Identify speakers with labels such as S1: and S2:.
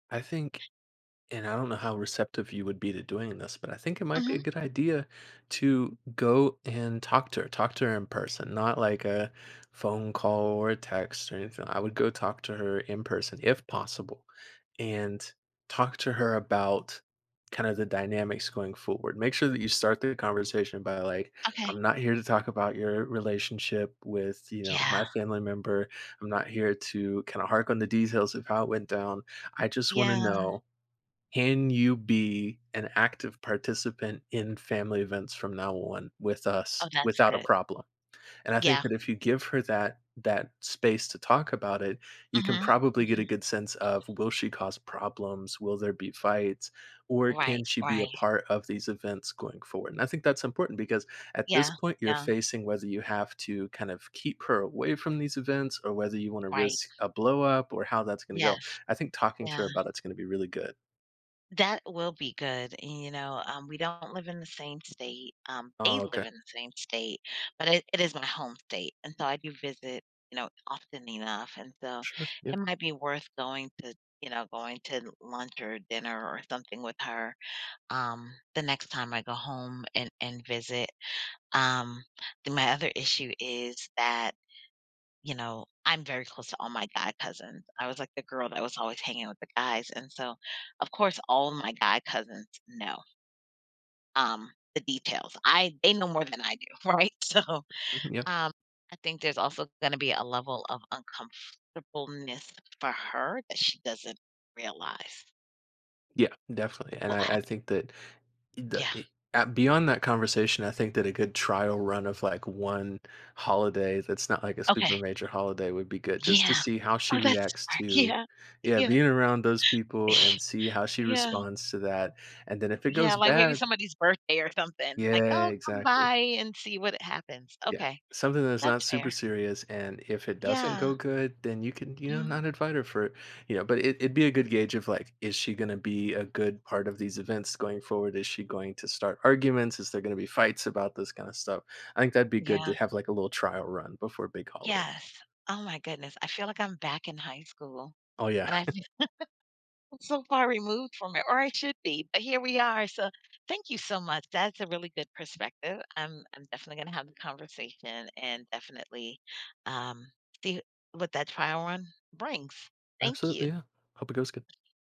S1: I think and I don't know how receptive you would be to doing this, but I think it might be a
S2: Mhm.
S1: good idea to go and talk to her, talk to her in person, not like a phone call or a text or anything, I would go talk to her in person, if possible, and talk to her about kinda the dynamics going forward. Make sure that you start the conversation by, like,
S2: Okay.
S1: "I'm not here to talk about your relationship with, you know,
S2: Yeah.
S1: my family member. I'm not here to kinda hark on the details of how it went down. I just wanna
S2: Yeah.
S1: know, can you be an active participant in family events from now on with
S2: Oh,
S1: us
S2: that's
S1: without a
S2: good.
S1: problem?" And I think
S2: Yeah.
S1: that if you give her that that space to talk about it, you can
S2: Mhm.
S1: probably get a
S2: Mhm.
S1: good sense of will she cause problems, will there be fights, or
S2: Right.
S1: can she be a
S2: Right.
S1: part of these events going forward, and I think that's important, because at this
S2: Yeah.
S1: point, you're
S2: Yeah.
S1: facing whether you have to kind of keep her away from these events or whether you wanna
S2: Right.
S1: risk a blow up or how that's gonna go,
S2: Yes.
S1: I think talking to
S2: Yeah.
S1: her about it's gonna be really good.
S2: That will be good, you know, um, we don't live in the same state, um, they
S1: Oh,
S2: live
S1: okay.
S2: in the same state, but it it is my home state, and so I do visit, you know, often enough, and so,
S1: Sure, yeah.
S2: it might be worth going to you know, going to l lunch or dinner or something with her, um, the next time I go home and and visit. Um, the my other issue is that, you know, I'm very close to all my guy cousins. I was like the girl that was always hanging with the guys, and so, of course, all my guy cousins know um, the details. I they know more than I do, right? So,
S1: Yep.
S2: um, I think there's also gonna be a level of uncomfortableness for her that she doesn't realize
S1: Yeah. Definitely, and
S2: will
S1: I I
S2: happen.
S1: think that e da
S2: Yeah.
S1: eh ah beyond that conversation, I think that a good trial run of, like, 1 holiday that's not like a
S2: Okay.
S1: super major holiday would be good just to
S2: Yeah.
S1: see how she
S2: Oh, that's
S1: reacts
S2: smart.
S1: to
S2: Yeah.
S1: yeah,
S2: Yeah.
S1: being around those people and see how she
S2: Yeah.
S1: responds to that, and then if it goes
S2: Yeah, like, maybe
S1: bad
S2: somebody's birthday or something. Like,
S1: Yeah,
S2: "Oh, come
S1: exactly.
S2: by and see what happens."
S1: Yeah.
S2: Okay.
S1: Something that's not
S2: That's
S1: super
S2: fair.
S1: serious, and if it doesn't
S2: Yeah.
S1: go good, then you can you know,
S2: Mhm.
S1: not invite her for you know? But it it'd be a good gauge of, like, is she gonna be a good part of these events going forward? Is she going to start arguments? Is there gonna be fights about this kinda stuff? I think that'd be good
S2: Yeah.
S1: to have, like, a little trial run before big holidays.
S2: Yes. Oh my goodness, I feel like I'm back in high school,
S1: Oh, yeah.
S2: and I'm so far removed from it or I should be, but here we are so, thank you so much, that's a really good perspective. I'm I'm definitely gonna have the conversation and definitely, um, see what that trial run brings, thank
S1: Absolutely,
S2: you.
S1: yeah. Hope it goes good.